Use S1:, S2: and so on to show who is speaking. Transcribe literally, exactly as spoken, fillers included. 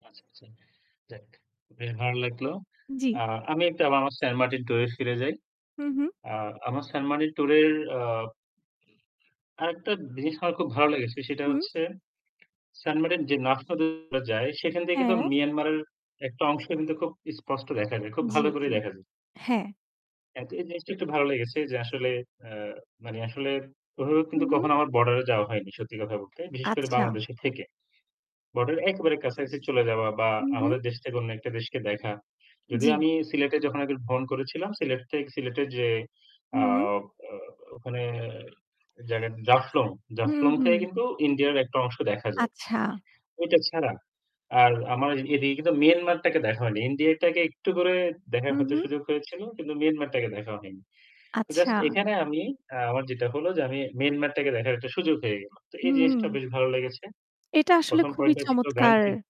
S1: আচ্ছা, আচ্ছা। যাক বেশ ভালো লাগলো।
S2: জ্বি।
S1: আ আমি একটু আবার আমার সেন্ট মার্টিন ট্যুরে ফিরে যাই।
S2: হু, হু।
S1: আ আমার সেন্ট মার্টিন ট্যুর এর আব আরেকটা জিনিস আমার খুব ভালো লেগেছে সেটা
S2: হু।
S1: হচ্ছে সেন্টমার্টিন যে [unintelligible] এ যায় সেখান থেকে কিন্তু
S2: হ্যাঁ।
S1: মিয়ানমারের একটা অংশ কিন্তু খুব স্পষ্ট দেখা যায়। খুব
S2: জ্বি,
S1: ভালো করেই
S2: জ্বি,
S1: দেখা যায়
S2: হ্যাঁ।
S1: এ এই জিনিসটা একটু ভালো লেগেছে যে আসলে আ মানে আসলে ওভাবে
S2: হু,
S1: কিন্তু কখনো
S2: হু।
S1: আমার বর্ডার এ যাওয়া হয়নি সত্যি কথা বলতে। বিশেষ করে
S2: আচ্ছা।
S1: বাংলাদেশে থেকে। বর্ডার এর একেবারে কাছাকাছি চলে যাওয়া বা
S2: হু, হু।
S1: আমাদের দেশ থেকে অন্য একটা দেশকে দেখা। যদিও
S2: জ্বি।
S1: আমি সিলেটে যখন আগে ভ্রমণ করেছিলাম সিলেট থেকে সিলেটের যে আ
S2: হু।
S1: আ ওখানে জায়গা জাফলং,
S2: হু,
S1: জাফলং
S2: হু।
S1: থেকে কিন্তু ইন্ডিয়ার একটা অংশ দেখা যায়।
S2: আচ্ছা।
S1: ওইটা ছাড়া আর আমার এদিকে কিন্তু মিয়ানমারটাকে দেখা হয়নি। ইন্ডিয়াটাকে একটু করে দেখার
S2: হু,
S1: হয়তো
S2: হু।
S1: সুযোগ হয়েছিল কিন্তু মিয়ানমারটাকে দেখা হয়নি।
S2: আচ্ছা।
S1: জাস্ট এখানে আমি আ আমার যেটা হলো যে আমি মিয়ানমারটাকে দেখার একটা সুযোগ হয়ে গেল। তো এই
S2: হুম।
S1: জিনিসটা বেশ ভালো লেগেছে।
S2: এটা আসলে
S1: প্রথম
S2: খুবই
S1: পয়েন্টটা ছিল
S2: চমৎকার।
S1: [unintelligible]